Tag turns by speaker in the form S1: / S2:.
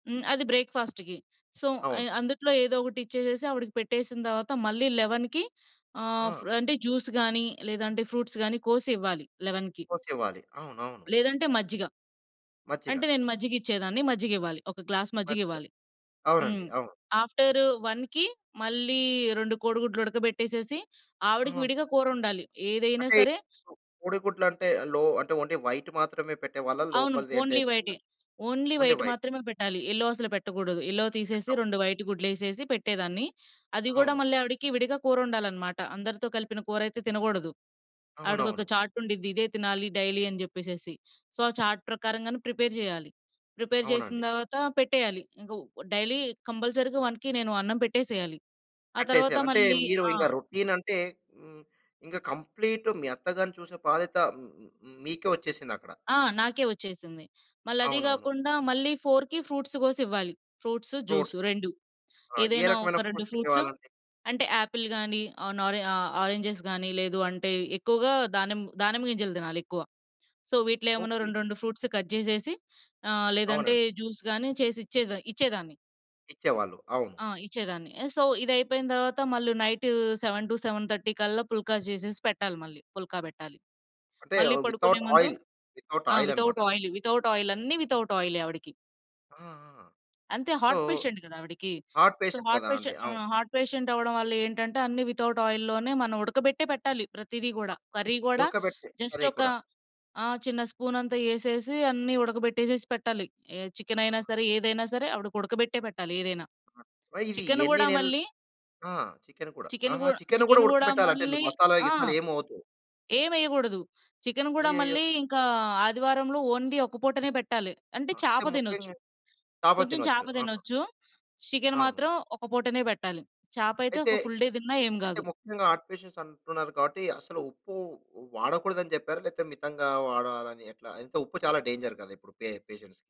S1: హ్మ్. అది బ్రేక్‌ఫాస్ట్‌కి. సో,
S2: అవును.
S1: అయి అందుట్లో ఏదో ఒకటి ఇచ్చేసేసి ఆవిడికి పెట్టేసిన తవాత మళ్ళీ 11కి ఆహ్,
S2: ఆ!
S1: ఫ్ర్ అంటే, జ్యూస్ గానీ, లేదంటే ఫ్రూట్స్ గానీ కోసి ఇవ్వాలి 11కి.
S2: కోసివ్వాలి. అవునవును.
S1: లేదంటే మజ్జిగ.
S2: మజ్జిగ.
S1: అంటే, నేను మజ్జిగిచ్చేదాన్ని. మజ్జిగివ్వాలి. ఒక గ్లాస్
S2: మజ్జిగ.
S1: మజ్జిగివ్వాలి.
S2: అవునండి.
S1: హ్మ్
S2: అవును.
S1: ఆఫ్టరు 1కి మళ్ళీ 2 కోడిగుడ్లుడకబెట్టేసేసి, ఆవిడకి
S2: ఆహా!
S1: విడిగా కూరొండాలి. ఏదైనా
S2: అంటే,
S1: సరే
S2: కోడిగుడ్లంటే లో అంటే, ఓన్లీ వైటు మాత్రమే పెట్టేవాళ్ళా?
S1: అవును.
S2: లోపలది అంటే,
S1: ఓన్లీ
S2: కింద
S1: వైటే. Only
S2: only
S1: white
S2: white.
S1: మాత్రమే పెట్టాలి. ఎల్లో అసలు పెట్టగూడదు. ఎల్లో తీసేసి
S2: పెట్టగూడదు.
S1: 2 వైటు గుడ్లేసేసి పెట్టేదాన్ని. అది గూడా
S2: అవును.
S1: మళ్ళీ ఆవిడికి విడిగా కూరొండాలనమాట. అందరితో కలిపిన కూరైతే తినగోడదు. ఆవిడకొక
S2: అవునవును.
S1: చార్టుండిద్ది, ఇదే తినాలి డైలీ అని చెప్పేసేసి. సో, ఆ చార్ట్ ప్రకారంగానే ప్రిపేర్ జెయ్యాలి. ప్రిపేర్ జేసిన
S2: అవునండి.
S1: తర్వాత పెట్టేయాలి. ఇంక వ్ డైలీ కంపల్సరీగా 1కి నేను అన్నం పెట్టేసెయ్యాలి. ఆ తర్వాత
S2: కట్టేసెయ్యాలి. అంటే,
S1: మళ్ళీ
S2: మీరూ
S1: ఆ!
S2: ఇంక రొటీనంటే హ్మ్, ఇంగ కంప్లీట్ మీ అత్తగారిని చూసే బాధ్యత మ్ మ్ మీకే ఒచ్చేసిందక్కడ.
S1: ఆ! నాకే ఒచ్చేసింది. మళ్ళదీ
S2: అవునవును.
S1: గాకుండా, మళ్ళీ 4కి ఫ్రూట్స్ గోసివ్వాలి. Fruits, juice
S2: fruits.
S1: 2.
S2: ఆ! ఏ
S1: ఏదైనా
S2: రకమైన
S1: ఒక 2
S2: ఫ్రూట్స్
S1: ఫ్రూట్సు.
S2: పెట్టేవాళ్ళండి?
S1: అంటే, యాపిల్ గానీ, ఆహ్, నొ రె ఆ ఆరెంజెస్ గానీ, లేదు అంటే, ఎక్కువగా దానిమ్మ దానిమ్మ గింజలు తినాలెక్కువ. సో, వీటిలో ఏమన్నా
S2: ఓకే.
S1: రెండు, రెండు ఫ్రూట్సు కట్ జేసేసి ఆహ్, లేదంటే
S2: అవునండి.
S1: జ్యూస్ గానీ చేసిచ్చేద ఇచ్చేదాన్ని.
S2: ఇచ్చేవాళ్ళు. అవును.
S1: ఆ! ఇచ్చేదాన్ని. ఆహ్, సో, ఇదైపోయిన తరవాత మళ్ళీ నైటూ 7-7:30 కల్లా పుల్కా జేసేసి పెట్టాలి మళ్ళీ. పుల్కా బెట్టాలి.
S2: అంటే,
S1: మళ్ళీ
S2: ఆహ్,
S1: పడుకునే
S2: వితౌట్
S1: ముందు
S2: ఆయిల్.
S1: ఆ! వితౌట్
S2: వితౌటాయిలనమాట.
S1: ఆయిలు. Without oil. అన్ని వితౌట్ ఆయిలే ఆవిడికి.
S2: ఆహాహాహా!
S1: అంతే.
S2: సో,
S1: హార్ట్ పేషెంట్ గదా ఆవిడకి.
S2: హార్ట్
S1: సో,
S2: పేషెంట్
S1: హార్ట్
S2: కదా!
S1: పేష
S2: అండి. అవును.
S1: ఆహ్, హార్ట్ పేషెంటవ్వడం వల్ల ఏంటంటే, అన్నీ వితౌట్ ఆయిల్‌లోనే మనం ఉడకబెట్టే పెట్టాలి ప్రతిదీ గూడా. కర్రీ గోడా
S2: ఉడకబెట్టి కర్రీ
S1: జస్టొకా
S2: కూడా.
S1: ఆ! చిన్న స్పూనతా యేసేసి, అన్నీ ఉడకబెట్టేసేసి పెట్టాలి. ఏ
S2: ఆ!
S1: చికెనయినా సరే, ఏదైనా సరే ఆవిడకుడకబెట్టే పెట్టాలి ఏదైనా.
S2: మరిదీ
S1: చికెను
S2: ఎన్ని
S1: గూడా
S2: నెల్
S1: మళ్ళీ...
S2: ఆ! చికెన్ కూడా.
S1: చికెను గూ
S2: ఆహా! చికెన్ కూడా
S1: చికెను గూడా
S2: ఉడకబెట్టాలంటే,
S1: మళ్ళీ
S2: నువ్వు మసాలా,
S1: ఆ!
S2: గిసాలా ఏమి ఒద్దు.
S1: ఏవెయ్యగూడదు. చికెను గూడా
S2: అయ్యయ్యో!
S1: మళ్ళీ ఇంకా ఆదివారంలో ఓన్లీ ఒక పూటనే పెట్టాలి. అంటే,
S2: ఆ! అయితే,
S1: చేప దినొచ్చు.
S2: ముఖ్యంగె చాప
S1: కొంచుం
S2: తినొచ్చు.
S1: చాప
S2: ఆహా!
S1: దినొచ్చు. చికెన్
S2: అవును.
S1: మాత్రం ఒక పూటనే పెబెలి. చాపయితే
S2: అయితే,
S1: ఒక ఫుల్ డే దిన్నా ఏం
S2: అయితే
S1: గాదు.
S2: ముఖ్యంగా హార్ట్ పేషెంట్స్ అంటున్నారు కావట్టి, అసలు ఉప్పు వ వాడకూడదని చెప్పారా? లేతే, మితంగా వాడాలని ఎట్లా? అయితే, ఉప్పు చాలా డేంజర్ కదిప్పుడు పే పేషెంట్స్‌కి?